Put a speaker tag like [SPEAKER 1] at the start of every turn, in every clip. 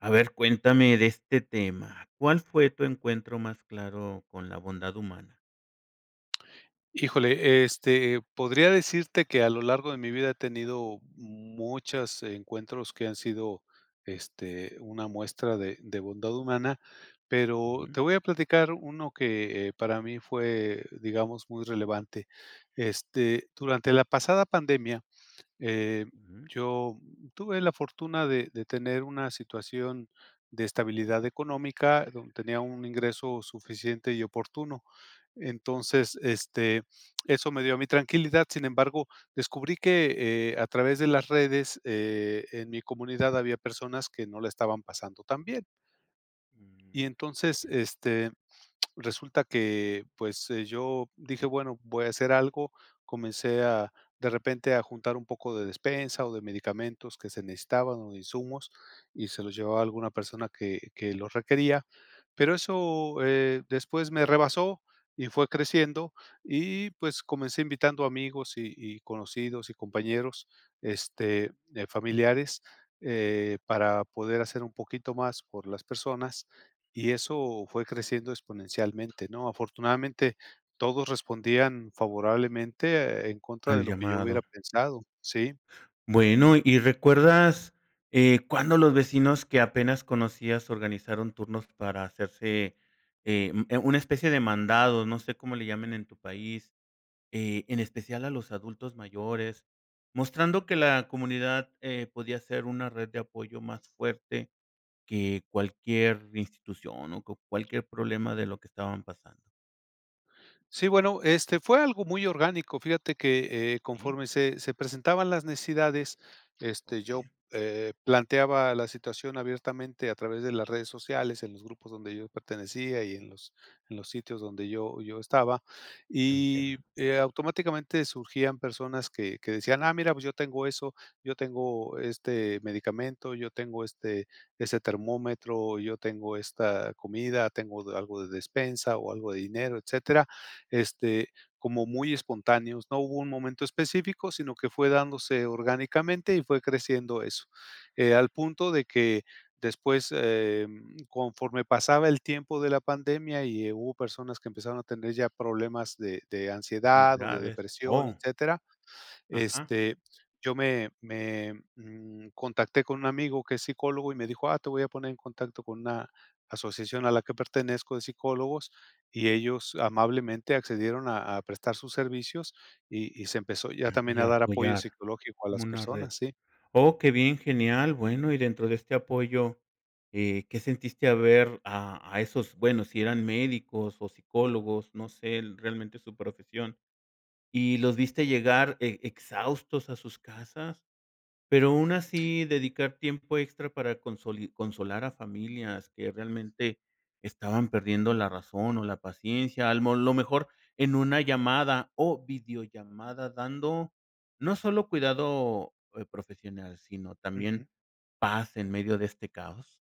[SPEAKER 1] A ver, cuéntame de este tema. ¿Cuál fue tu encuentro más claro con la bondad humana?
[SPEAKER 2] Híjole, este, podría decirte que a lo largo de mi vida, he tenido muchos encuentros que han sido, este, una muestra de de bondad humana. Pero
[SPEAKER 1] Ujú.
[SPEAKER 2] te voy a platicar uno que, eh, para mí fue, digamos, muy relevante. Este, durante la pasada pandemia, eh,
[SPEAKER 1] Ujú.
[SPEAKER 2] yo tuve la fortuna de de tener una situación de estabilidad económica, donde tenía un ingreso suficiente y oportuno. Entonces, este, eso me dio a mi tranquilidad. Sin embargo, descubrí que, eh, a través de las redes, eh, en mi comunidad había personas que no la estaban pasando tan bien. Y entonces,
[SPEAKER 1] [unintelligible]
[SPEAKER 2] este resulta que, pues eh, yo dije: "Bueno, voy a hacer algo". Comencé a, de repente a juntar un poco de despensa o de medicamentos que se necesitaban o de insumos, y se los llevaba a alguna persona que que los requería. Pero eso, eh, después me rebasó y fue creciendo. Y pues, comencé invitando amigos y y conocidos y compañeros, este, eh, familiares, eh, para poder hacer un poquito más por las personas. Y eso fue creciendo exponencialmente, ¿no? Afortunadamente, todos respondían favorablemente, en contra de
[SPEAKER 1] Al
[SPEAKER 2] lo que yo
[SPEAKER 1] llamado.
[SPEAKER 2] hubiera pensado. Sí.
[SPEAKER 1] Bueno, y recuerdas, eh, cuándo los vecinos que apenas conocías, organizaron turnos para hacerse, eh, mm, una especie de mandado. No sé cómo le llamen en tu país. Eh, en especial a los adultos mayores, mostrando que la comunidad, eh, podía ser una red de apoyo más fuerte que cualquier institución o que cualquier problema de lo que estaban pasando.
[SPEAKER 2] Sí, bueno, este, fue algo muy orgánico. Fíjate que, eh, conforme se se presentaban las necesidades, este, yo,
[SPEAKER 1] Okey.
[SPEAKER 2] eh, planteaba la situación abiertamente a través de las redes sociales en los grupos donde yo pertenecía y en los en los sitios donde yo yo estaba y,
[SPEAKER 1] Entiendo.
[SPEAKER 2] eh, automáticamente surgían personas que que decían: "Ah, mira, pues yo tengo eso yo tengo este medicamento, yo tengo este ese termómetro, yo tengo esta comida, tengo algo de despensa o algo de dinero", etcétera. Este, como muy espontáneos. No hubo un momento específico, sino que fue dándose orgánicamente y fue creciendo eso, eh, al punto de que después, em, conforme pasaba el tiempo de la pandemia y, eh, hubo personas que empezaron a tener ya problemas de de
[SPEAKER 1] Muy
[SPEAKER 2] ansiedad o de
[SPEAKER 1] graves.
[SPEAKER 2] depresión,
[SPEAKER 1] Oh.
[SPEAKER 2] etcétera.
[SPEAKER 1] Ajá.
[SPEAKER 2] Este, yo me me, mm, contacté con un amigo que es psicólogo y me dijo: "Ah, te voy a poner en contacto con una asociación a la que pertenezco de psicólogos", y ellos amablemente accedieron a a prestar sus servicios y y se empezó ya también a
[SPEAKER 1] Quería
[SPEAKER 2] dar apoyo
[SPEAKER 1] apoyar.
[SPEAKER 2] psicológico a
[SPEAKER 1] Como
[SPEAKER 2] las
[SPEAKER 1] una red.
[SPEAKER 2] personas, sí.
[SPEAKER 1] Oh, qué bien, genial. Bueno, y dentro de este apoyo, eh, ¿qué sentiste al ver a a esos? Bueno, si eran médicos o psicólogos, no sé, e realmente su profesión, ¿y los viste llegar e exhaustos a sus casas, pero aún así, dedicar tiempo extra para consoli consolar a familias que realmente estaban perdiendo la razón o la paciencia, al mo lo mejor en una llamada o videollamada, dando no solo cuidado, eh, profesional, sino también
[SPEAKER 2] Ujú.
[SPEAKER 1] paz en medio de este caos?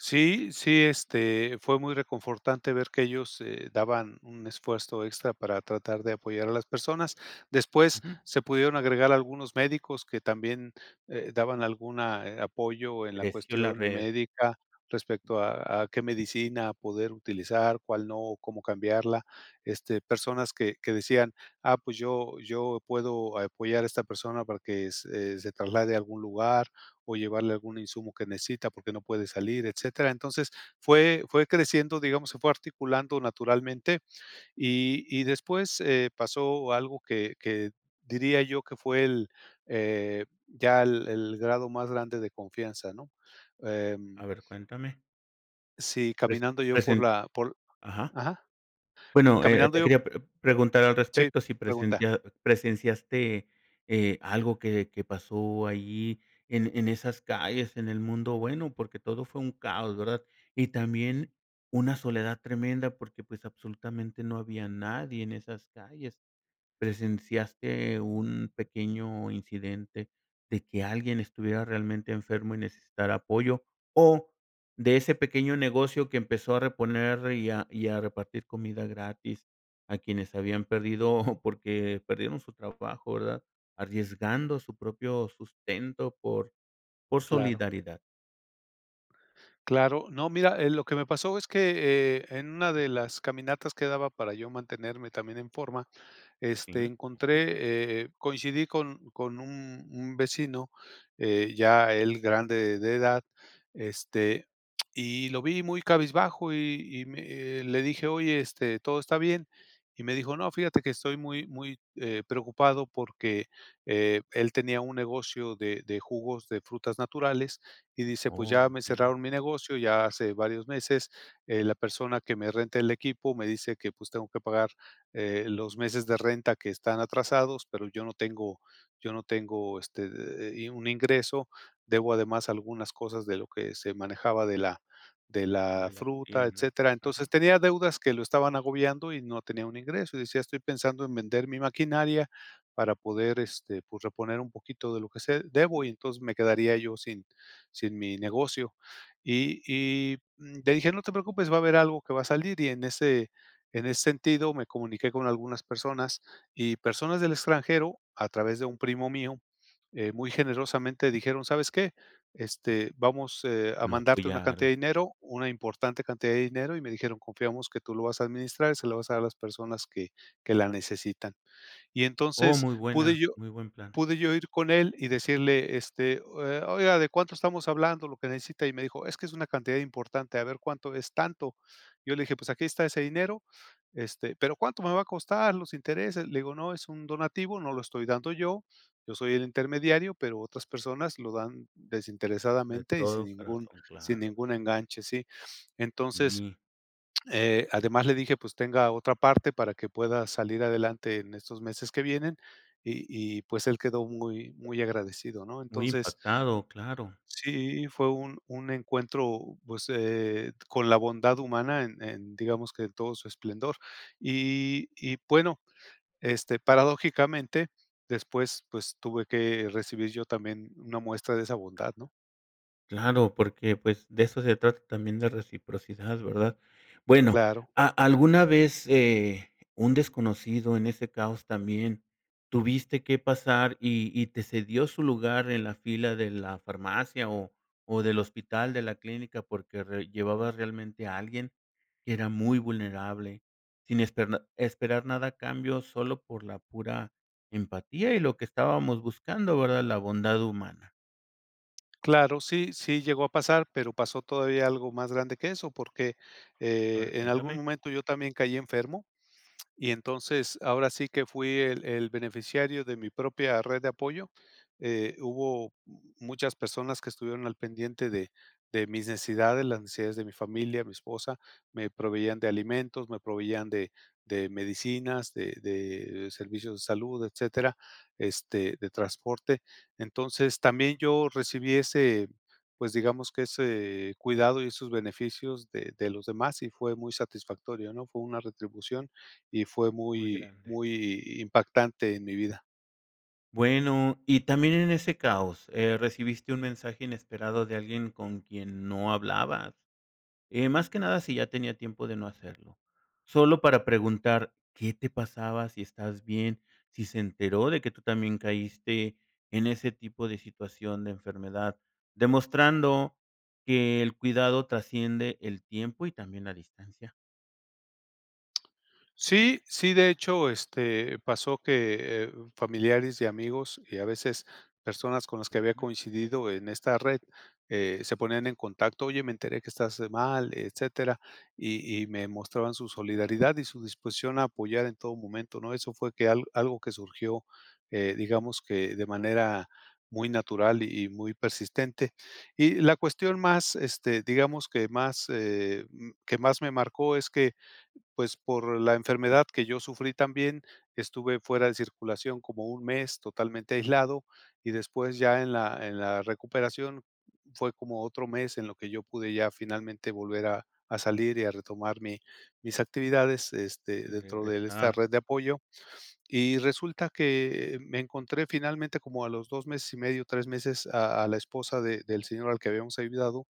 [SPEAKER 2] Sí, sí, este fue muy reconfortante ver que ellos, eh, daban un esfuerzo extra para tratar de apoyar a las personas. Después,
[SPEAKER 1] Ujú.
[SPEAKER 2] se pudieron agregar algunos médicos que también, eh, daban alguna, eh, apoyo en la
[SPEAKER 1] Creció en la
[SPEAKER 2] cuestión
[SPEAKER 1] red.
[SPEAKER 2] médica, respecto a a qué medicina poder utilizar, cuál no, cómo cambiarla, este, personas que que decían: "Ah, pues, yo yo puedo apoyar a esta persona para que se se traslade a algún lugar, o llevarle algún insumo que necesita, porque no puede salir", etcétera. Entonces, fue fue creciendo, digamos, se fue articulando naturalmente, y y después, eh, pasó algo que que diría yo que fue el, eh, ya el el grado más grande de confianza, ¿no?,
[SPEAKER 1] A
[SPEAKER 2] em
[SPEAKER 1] ver, cuéntame.
[SPEAKER 2] Sí,
[SPEAKER 1] Pres
[SPEAKER 2] caminando yo por
[SPEAKER 1] present
[SPEAKER 2] la por
[SPEAKER 1] ajá.
[SPEAKER 2] ajá,
[SPEAKER 1] Bueno, eh,
[SPEAKER 2] caminando
[SPEAKER 1] te
[SPEAKER 2] yo
[SPEAKER 1] quería pr preguntar al
[SPEAKER 2] Sí,
[SPEAKER 1] respecto, si
[SPEAKER 2] pregunta.
[SPEAKER 1] presentia presenciaste, eh, algo que de que pasó ahí en en esas calles, en el mundo, bueno, porque todo fue un caos, ¿verdad?, y también, una soledad tremenda porque pues, absolutamente, no había nadie en esas calles, ¿presenciaste un pequeño incidente, de que alguien estuviera realmente enfermo y necesitara apoyo?, o de ese pequeño negocio que empezó a reponer y a y a repartir comida gratis, a quienes habían perdido, porque perdieron su trabajo, ¿verdad?, arriesgando su propio sustento por por
[SPEAKER 2] Claro.
[SPEAKER 1] solidaridad.
[SPEAKER 2] Claro. No, mira eh, lo que me pasó es que, eh, en una de las caminatas que daba para yo mantenerme también en forma. Este
[SPEAKER 1] Okey.
[SPEAKER 2] encontré, eh coincidí con con un un vecino, eh, ya él grande de edad, este, y lo vi muy cabizbajo y y me eh, le dije: "Oye, este, ¿todo está bien?". Y me dijo: "No, fíjate que estoy muy muy, eh, preocupado, porque eh, él tenía un negocio de de jugos de frutas naturales y dice pues:
[SPEAKER 1] Oh,
[SPEAKER 2] "Ya me
[SPEAKER 1] entiendo.
[SPEAKER 2] cerraron mi negocio ya hace varios meses, eh, la persona que me renta el equipo me dice que, pues, tengo que pagar, eh, los meses de renta que están atrasados, pero yo no tengo yo no tengo este eh eh, y un ingreso, debo además algunas cosas de lo que se manejaba de la de la
[SPEAKER 1] De la
[SPEAKER 2] fruta",
[SPEAKER 1] tienda.
[SPEAKER 2] etcétera. Entonces
[SPEAKER 1] Ajá.
[SPEAKER 2] tenía deudas que lo estaban agobiando y no tenía un ingreso y decía: "Estoy pensando en vender mi maquinaria para poder, este pues, reponer un poquito de lo que se debo y entonces me quedaría yo sin sin mi negocio". Y y, mm, le dije: "No te preocupes, va a haber algo que va a salir", y en ese en ese sentido, me comuniqué con algunas personas y personas del extranjero, a través de un primo mío, eh, muy generosamente dijeron: "¿Sabes qué?, este, vamos, eh, a
[SPEAKER 1] Lo
[SPEAKER 2] mandarte una
[SPEAKER 1] apoyaron.
[SPEAKER 2] cantidad de dinero, una importante cantidad de dinero" y me dijeron: "Confiamos que tú lo vas a administrar y se lo vas a dar a las personas que que la necesitan". Y
[SPEAKER 1] Oh,
[SPEAKER 2] entonces
[SPEAKER 1] muy
[SPEAKER 2] pude
[SPEAKER 1] buena
[SPEAKER 2] yo
[SPEAKER 1] muy buen plan.
[SPEAKER 2] pude yo ir con él y decirle este: "Eh, oiga, ¿de cuánto estamos hablando, lo que necesita?". Y me dijo: "Es que es una cantidad importante". "A ver, ¿cuánto es?", "tanto". Yo le dije: "Pues aquí está ese dinero, este", "...pero ¿cuánto me va a costar, los intereses?". Le digo: "No, es un donativo, no lo estoy dando y, yo soy el intermediario, pero otras personas lo dan
[SPEAKER 1] De
[SPEAKER 2] desinteresadamente y sin
[SPEAKER 1] todo
[SPEAKER 2] ningún
[SPEAKER 1] corazón,
[SPEAKER 2] sin
[SPEAKER 1] claro.
[SPEAKER 2] ningún enganche". Sí. Entonces,
[SPEAKER 1] Sí.
[SPEAKER 2] eh, además, le dije: "Pues tenga otra parte para que pueda salir adelante en estos meses que vienen", y y pues él quedó muy muy agradecido, ¿no?
[SPEAKER 1] Muy
[SPEAKER 2] Entonces
[SPEAKER 1] impactado, claro.
[SPEAKER 2] Sí, fue un un encuentro, pues, eh, con la bondad humana en en, digamos que en todo su esplendor y y bueno, este paradójicamente, después, pues tuve que recibir yo también una muestra de esa bondad, ¿no?
[SPEAKER 1] Claro, porque, pues, de eso se trata también, de reciprocidad, ¿verdad? Bueno,
[SPEAKER 2] Claro.
[SPEAKER 1] ¿a alguna vez, eh, un desconocido en ese caos también tuviste que pasar y y te cedió su lugar en la fila de la farmacia, o o del hospital, de la clínica?, porque re llevabas realmente a alguien que era muy vulnerable, sin esper esperar nada a cambio, solo por la pura empatía y lo que estábamos buscando, ¿verdad?, la bondad humana.
[SPEAKER 2] Claro, sí, sí llegó a pasar, pero pasó todavía algo más grande que eso, porque,
[SPEAKER 1] A
[SPEAKER 2] eh,
[SPEAKER 1] ver,
[SPEAKER 2] en algún
[SPEAKER 1] cuéntame.
[SPEAKER 2] momento yo también caí enfermo y entonces, ahora sí que, fui el el beneficiario de mi propia red de apoyo, eh, hubo m muchas personas que estuvieron al pendiente de de mis necesidades, las necesidades de mi familia, mi esposa, me proveían de alimentos, me proveían de de medicinas, de de servicios de salud, etcétera, este, de transporte. Entonces, también yo recibí ese, pues, digamos que ese cuidado y esos beneficios de de los demás y fue muy satisfactorio, ¿no?, fue una retribución, y fue
[SPEAKER 1] Muy
[SPEAKER 2] muy
[SPEAKER 1] grande.
[SPEAKER 2] muy impactante en mi vida.
[SPEAKER 1] Bueno, y también en ese caos, eh, recibiste un mensaje inesperado de alguien con quien no hablabas. Eh, más que nada, si ya tenía tiempo de no hacerlo, solo para preguntar qué te pasaba, si estabas bien, si se enteró de que tú también caíste en ese tipo de situación de enfermedad. Demostrando que el cuidado trasciende el tiempo y también la distancia.
[SPEAKER 2] Sí, sí, de hecho, este, pasó que, eh, familiares y amigos, y a veces personas con las que había
[SPEAKER 1] [unintelligible]
[SPEAKER 2] coincidido en esta red, eh, se ponían en contacto: "Oye, me enteré que estás mal", etcétera. Y y me mostraban su solidaridad y su disposición a apoyar en todo momento, ¿no? Eso fue que al algo que surgió, eh, digamos que de manera muy natural y muy persistente. Y la cuestión más, este, digamos que más, eh, que más me marcó, es que pues, por la enfermedad que yo sufrí también, estuve fuera de circulación como 1 mes totalmente aislado, y después, ya en la en la recuperación, fue como otro mes en lo que yo pude ya, finalmente, volver a a salir y a retomar mi mis actividades, este,
[SPEAKER 1] Y
[SPEAKER 2] dentro de esta
[SPEAKER 1] regresar.
[SPEAKER 2] red de apoyo. Y resulta que me encontré finalmente, como a los 2 meses y medio, 3 meses, a a la esposa de del señor al que habíamos ayudado,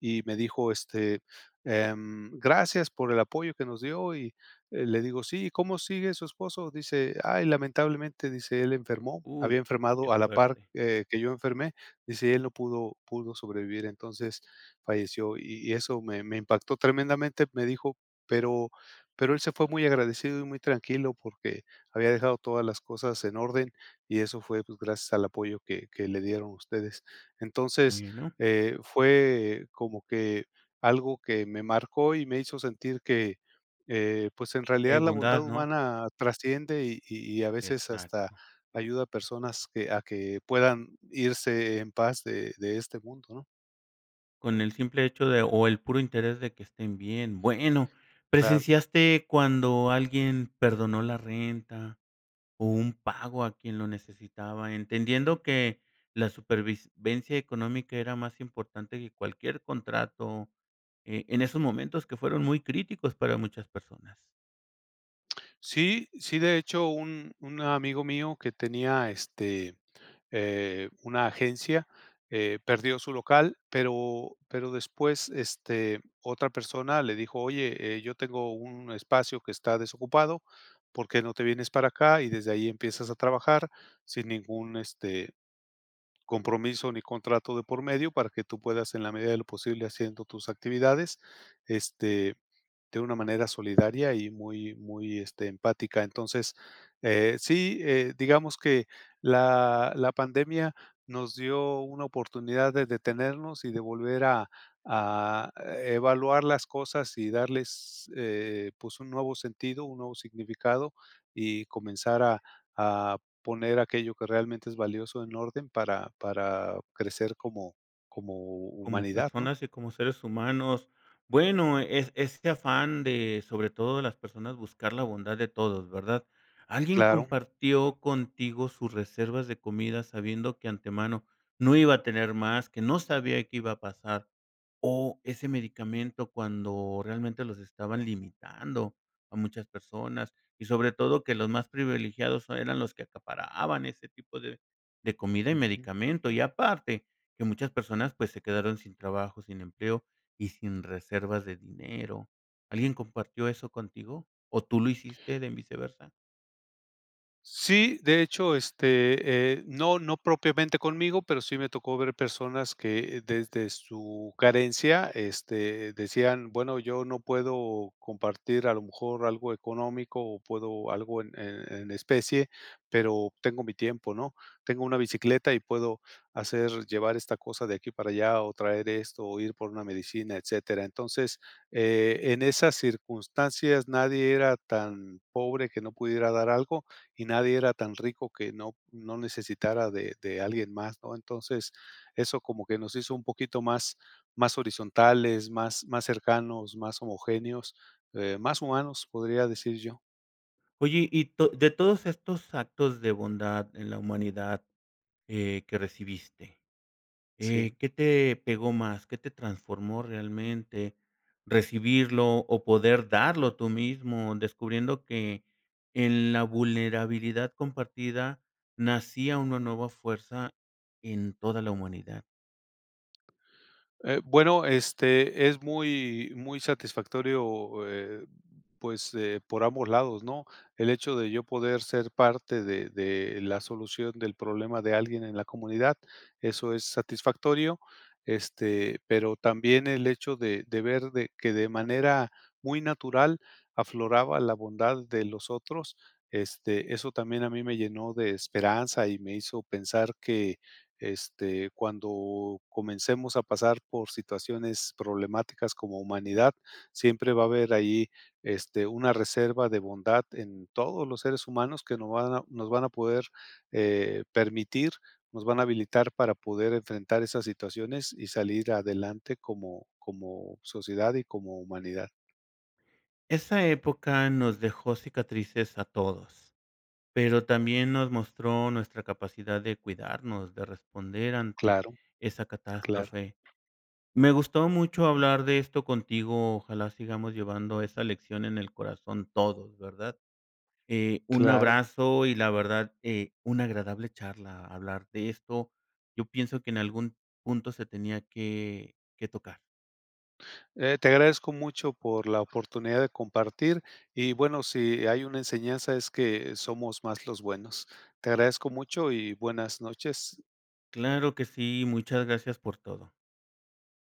[SPEAKER 2] y me dijo, este, em: "Gracias por el apoyo que nos dio", y eh, le digo: "Sí, ¿cómo sigue su esposo?", dice: "Ay, lamentablemente, dice, él enfermó".
[SPEAKER 1] Uy,
[SPEAKER 2] Había
[SPEAKER 1] qué
[SPEAKER 2] enfermado a la par,
[SPEAKER 1] fuerte.
[SPEAKER 2] eh, que yo enfermé, dice: "Él no pudo pudo sobrevivir, entonces falleció". Y y eso me me impactó tremendamente. Me dijo: "Pero pero él se fue muy agradecido y muy tranquilo, porque había dejado todas las cosas en orden, y eso fue, pues, gracias al apoyo que que le dieron ustedes". Entonces,
[SPEAKER 1] [unintelligible]
[SPEAKER 2] eh, fue como que algo que me marcó y me hizo sentir que, eh, pues en realidad,
[SPEAKER 1] Es
[SPEAKER 2] la bondad
[SPEAKER 1] bondad, ¿no?
[SPEAKER 2] humana trasciende y y y a veces hasta
[SPEAKER 1] Exacto.
[SPEAKER 2] ayuda a personas que a que puedan irse en paz de de este mundo, ¿no?
[SPEAKER 1] Con el simple hecho de, o el puro interés de que estén bien. Bueno,
[SPEAKER 2] Claro.
[SPEAKER 1] ¿presenciaste cuando alguien perdonó la renta o un pago a quien lo necesitaba?, entendiendo que la supervivencia económica era más importante que cualquier contrato, eh, en esos momentos que fueron muy críticos para muchas personas.
[SPEAKER 2] Sí, sí, de hecho, un un amigo mío que tenía este, eh, una agencia, eh, perdió su local, pero pero después, este, otra persona le dijo: "Oye, eh, yo tengo un espacio que está desocupado porque no te vienes para acá y desde allí empiezas a trabajar sin ningún, este, compromiso ni contrato de por medio para que tú puedas en la medida de lo posible haciendo tus actividades, este, de una manera solidaria y muy muy, este, empática. Entonces, eh, sí, eh, digamos que la la pandemia nos dio una oportunidad de detenernos y de volver a a evaluar las cosas y darles, eh, pues un nuevo sentido, un nuevo significado y comenzar a a poner aquello que realmente es valioso en orden para para crecer como como
[SPEAKER 1] Como
[SPEAKER 2] humanidad, ¿no?
[SPEAKER 1] personas y como seres humanos, bueno, es este afán de sobre todo de las personas buscar la bondad de todos, ¿verdad? ¿Alguien
[SPEAKER 2] Claro.
[SPEAKER 1] compartió contigo sus reservas de comida sabiendo que antemano no iba a tener más, que no sabía qué iba a pasar?, o ese medicamento cuando realmente los estaban limitando a muchas personas y sobre todo, que los más privilegiados eran los que acaparaban ese tipo de de comida y
[SPEAKER 2] Ujú.
[SPEAKER 1] medicamento, y aparte que muchas personas, pues se quedaron sin trabajo, sin empleo y sin reservas de dinero? ¿Alguien compartió eso contigo o tú lo hiciste en viceversa.
[SPEAKER 2] Sí, de hecho, este, eh, no no propiamente conmigo, pero sí me tocó ver personas que, desde su carencia, este, decían: "Bueno, yo no puedo compartir a lo mejor algo económico, o puedo algo en en en especie, pero tengo mi tiempo", ¿no? "Tengo una bicicleta y puedo hacer llevar esta cosa de aquí para allá, o traer esto, o ir por una medicina", etcétera. Entonces, eh, en esas circunstancias nadie era tan pobre que no pudiera dar algo, y nadie era tan rico que no no necesitara de de alguien más, ¿no? Entonces, eso como que nos hizo un poquito más más horizontales, más más cercanos, más homogéneos, eh, más humanos, podría decir yo.
[SPEAKER 1] Oye, y to de todos estos actos de bondad en la humanidad, eh, que recibiste, eh,
[SPEAKER 2] Sí.
[SPEAKER 1] ¿qué te pegó más? ¿Qué te transformó realmente, recibirlo o poder darlo tú mismo?, descubriendo que en la vulnerabilidad compartida nacía una nueva fuerza en toda la humanidad.
[SPEAKER 2] Eh, bueno, este es muy, muy satisfactorio, eh, pues, eh, por ambos lados, ¿no?, el hecho de yo poder ser parte de de la solución del problema de alguien en la comunidad. Eso es satisfactorio, este, pero también el hecho de de ver de que de manera muy natural afloraba la bondad de los otros, este, eso también a mí me llenó de esperanza, y me hizo pensar que, este, cuando comencemos a pasar por situaciones problemáticas como humanidad, siempre va a haber ahí, este, una reserva de bondad en todos los seres humanos, que no van a nos van a poder, eh, permitir, nos van a habilitar para poder enfrentar esas situaciones y salir adelante como como sociedad y como humanidad.
[SPEAKER 1] Esa época nos dejó cicatrices a todos, pero también nos mostró nuestra capacidad de cuidarnos, de responder ante
[SPEAKER 2] Claro,
[SPEAKER 1] esa
[SPEAKER 2] claro.
[SPEAKER 1] catástrofe. Me gustó mucho hablar de esto contigo. Ojalá sigamos llevando esa lección en el corazón todos, ¿verdad? Eh, un
[SPEAKER 2] Claro.
[SPEAKER 1] abrazo y la verdad, eh, una agradable charla hablar de esto. Yo pienso que en algún punto se tenía que que tocar.
[SPEAKER 2] Eh, te agradezco mucho por la oportunidad de compartir y bueno, si hay una enseñanza, es que somos más los buenos. Te agradezco mucho y buenas noches.
[SPEAKER 1] Claro que sí. Muchas gracias por todo.